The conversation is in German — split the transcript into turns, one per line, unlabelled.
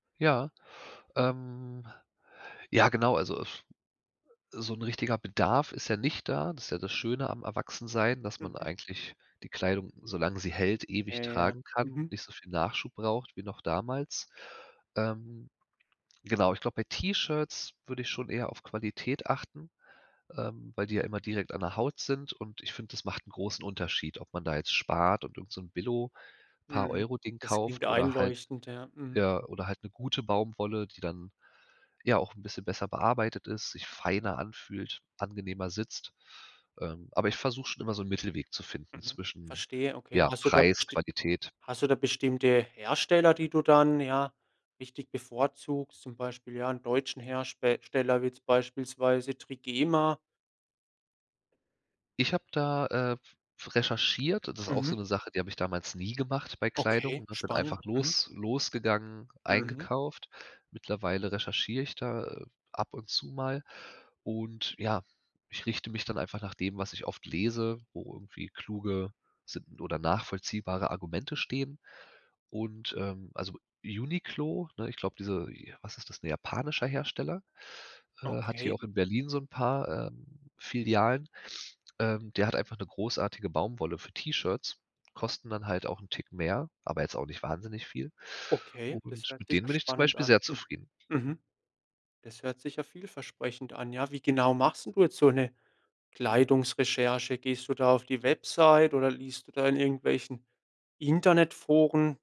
Ja. Ähm, ja genau, also, so 'n richtiger Bedarf ist ja nicht da. Das ist ja das Schöne am Erwachsensein, dass man
Mhm.
eigentlich die Kleidung, solange sie hält, ewig
Jaja,
tragen kann,
mhm.
nicht so viel Nachschub braucht wie noch damals. Ähm, genau, ich glaube, bei T-Shirts würde ich schon eher auf Qualität achten, ähm, weil die ja immer direkt an der Haut sind und ich finde, das macht 'n großen Unterschied, ob man da jetzt spart und irgend so 'n
Mhm.
Billo-Paar-Euro-Ding
Das klingt
kauft oder halt
einleuchtend, ja. Mhm.
ja, oder halt 'ne gute Baumwolle, die dann ja auch 'n bisschen besser bearbeitet ist, sich feiner anfühlt, angenehmer sitzt. Ähm, aber ich versuche schon immer so 'n Mittelweg zu finden
Mhm.
zwischen
Verstehe, okay.
ja,
Hast du da
Preis,
besti
Qualität.
hast du da bestimmte Hersteller, die du dann, ja, richtig bevorzugst? Zum Beispiel, ja, 'n deutschen Herste steller wie jetzt beispielsweise Trigema.
Ich habe da, äh, recherchiert, das ist auch
Mhm.
so 'ne Sache, die habe ich damals nie gemacht bei Kleidung
Okay,
und hab bin
spannend.
einfach
Mhm.
los losgegangen,
Mhm.
eingekauft. Mittlerweile recherchiere ich da, äh, ab und zu mal und ja, ich richte mich dann einfach nach dem, was ich oft lese, wo irgendwie kluge sinn oder nachvollziehbare Argumente stehen, und, ähm, also „Uniqlo“, ne? Ich glaub diese was ist das, 'n japanischer Hersteller? Äh, hat hier
Okay.
auch in Berlin so 'n paar, ähm, Filialen. Ähm, der hat einfach 'ne großartige Baumwolle für T-Shirts. Kosten dann halt auch 'n Tick mehr, aber jetzt auch nicht wahnsinnig viel,
Okay, das
und
hört
mit
sich
denen
ja
bin ich zum
spannend
Beispiel
an.
sehr zufrieden.
Mhm. Das hört sich ja vielversprechend an. Ja, wie genau machst denn du jetzt so 'ne Kleidungsrecherche? Gehst du da auf die Website, oder liest du da in irgendwelchen Internetforen?